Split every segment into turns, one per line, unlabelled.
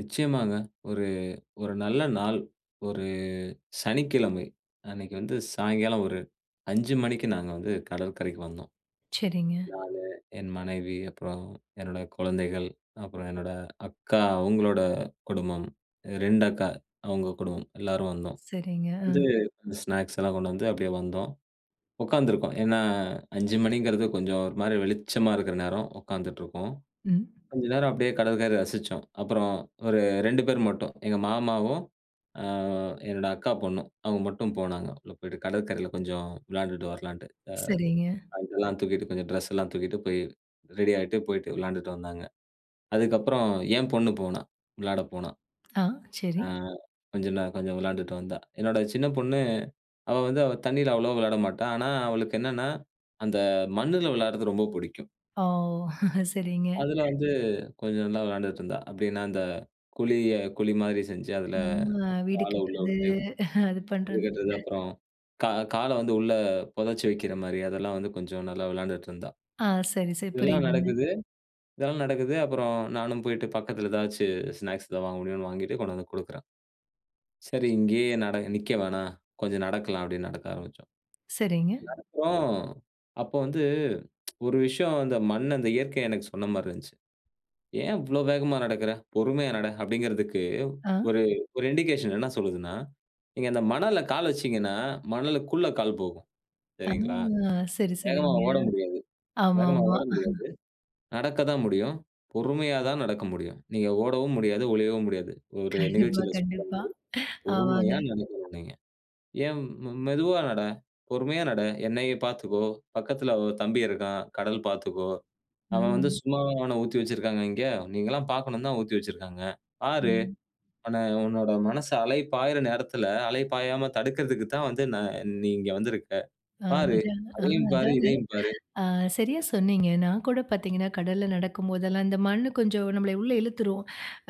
நிச்சயமாங்க. ஒரு ஒரு நல்ல நாள். ஒரு சனிக்கிழமை, அன்னிக்கு வந்து சாய்ங்கால ஒரு 5 மணிக்கு நாங்க வந்து கடற்கரைக்கு வந்தோம்.
சரிங்க.
நானு, என் மனைவி அப்புறம் என்னோட குழந்தைகள். அப்புறம் என்னோட அக்கா, அவங்களோட குடும்பம். 2 அக்கா, அவங்க குடும்பம் எல்லாரும் வந்தோம்.
சரிங்க.
வந்து
அ.
ஸ்நாக்ஸ் எல்லாம் கொண்டு வந்து அப்டியே வந்தோம். உக்காந்து இருக்கோம். ஏன்னா 5 மணிங்கிறது கொஞ்ச ஒரு மாரி வெளிச்சமா இருக்கிற நேரம். உக்காந்துட்டு இருக்கோம்.
ம்.
கொஞ்ச நேரம் அப்டியே கடற்கரை ரசிச்சோம். அப்புறம், ஒரு 2 பேர் மட்டும் எங்க மாமாவும், ஆ என்னோட அக்கா பொண்ணும் அவங்க மட்டும் போனாங்க. உள்ள போயிட்டு கடற்கரையில கொஞ்ச வெளாண்டுட்டு வர்லான்ட்டு.
சரிங்க.
ஆ அங்கிட்டேல்லாம் தூக்கிட்டு கொஞ்சம் டிரெஸ் எல்லாம் தூக்கிட்டு போய், ரெடி ஆயிட்டு போயிட்டு வெளாண்டுட்டு வந்தாங்க. அதுக்கப்புறம் என் பொண்ணு போனாள். விளாடப் போனாள்.
ஆ. சரி.
ஆ கொஞ்ச நே கொஞ்சம் வெளாண்டுட்டு வந்தாள். என்னோட சின்னப் பொண்ணு, அவள் வந்து அவள் தண்ணியில அவ்ளோவா வெளாட மாட்டா. ஆனா அவளுக்கு என்னன்னா, அந்த மண்ணுல வெளாடறது ரொம்ப புடிக்கும்.
ஆவ் சரிங்க.
அதுல வந்து கொஞ்ச நல்லா வெளாண்டுட்டு இருந்தா. அப்டியே நான் அந்த குழிய குழி மாரி செஞ்சு அதுல,
நம்ம வீடு
கால உள்ள
கட்டுறது.
உட்டு
அது பண்றதுன்
[unintelligible] அப்புறம் கா கால வந்து உள்ள பொதச்சு வைக்கிறமாரி. அதெல்லாம் வந்து கொஞ்ச நல்லா வெளாண்டுட்டு இருந்தா.
ஆ. சரி சரி.
இதெல்லா
புரியுதுங்க.
நடக்குது இதெல்லா நடக்குது. அப்புறம் நானும் போயிட்டு பக்கத்துல எதாச்சு ஸ்நாக்ஸ் எதாவது வாங்க முடியும்னு வாங்கிட்டு கொண்டு வந்து குடுக்கறேன். சரி இங்கயே நட நிக்க வேணா. கொஞ்ச நடக்கலா. அப்டின்னு நடக்க ஆரம்பிச்சோம்.
சரிங்க.
நடக்றோ, அப்போ வந்து ஒரு விஷயம் அந்த மண், அந்த இயற்கை எனக்கு சொன்ன மாரி இருந்துச்சு. ஏன் இவ்ளோ வேகமா நடக்குற? பொறுமையா நட. அப்டிங்கறதுக்கு
ஆ.
ஒரு ஒரு இன்டிகேஷன் என்ன சொல்லுதுன்னா, நீங்க அந்த மணல்ல கால் வச்சீங்கன்னா, மணலுக்குள்ள கால் போகும்.
ஆ.
சரிங்களா?
சரி,
வேகமா
சரிங்க.
ஓட முடியாது வேகமா
ஆமாம்மா.
ஓட முடியாது, நடக்கத்தான் முடியும். பொறுமையா தான் நடக்க முடியும். நீங்க ஓடவும் முடியாது. ஒளியவும் முடியாது. ஒரு
கண்டிப்பா,
நிகழ்ச்சில சொல்ற
கண்டிப்பா.
மாரி.
ஆமாங்க.
பொறுமையா நடக்கனும் நீங்க. ஏம் மெதுவா நட. பொறுமையா நட. என்னையே பாத்துக்கோ. பக்கத்துல ஒரு தம்பி இருக்கான். கடல் பாத்துக்கோ, அவன் வந்து
ம்.
சும்மாவா அவன ஊத்தி வைச்சிருக்காங்க இங்க? நீங்க எல்லாம் பாக்கணும்னு தான் ஊத்தி வைச்சிருக்காங்க. பாரு.
ம்.
அவன உன்னோட மனசு அலைபாயுற நேரத்துல, அலை பாயாம தடுக்கறதுக்கு தான் வந்து நான் நீ இங்க வந்திருக்க.
அ
பாரு.
அஜன அ
அதையும் பாரு.
அஜனா,
இதையும் பாரு.
ஆ சரியா சொன்னீங்க. நான் கூடப் பார்த்தீங்கனா, கடல்ல நடக்கும்போதெல்லாம், இந்த மண்ணு கொஞ்சம் நம்லைய உள்ள இழுத்துரும்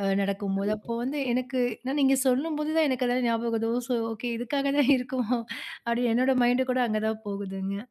அ நடக்கும்போது.
கண்டிப்பா.
அப்போ வந்து எனக்கு, நான் நீங்க சொல்லும்போது தான் எனக்கு அதெல்லாம் ஞாபகவது. ஒ சோ ஓகே இதுக்காகதா இருக்கோ அப்டி என்னோட மைண்ட் கூட அங்க தான் போகுதுங்க.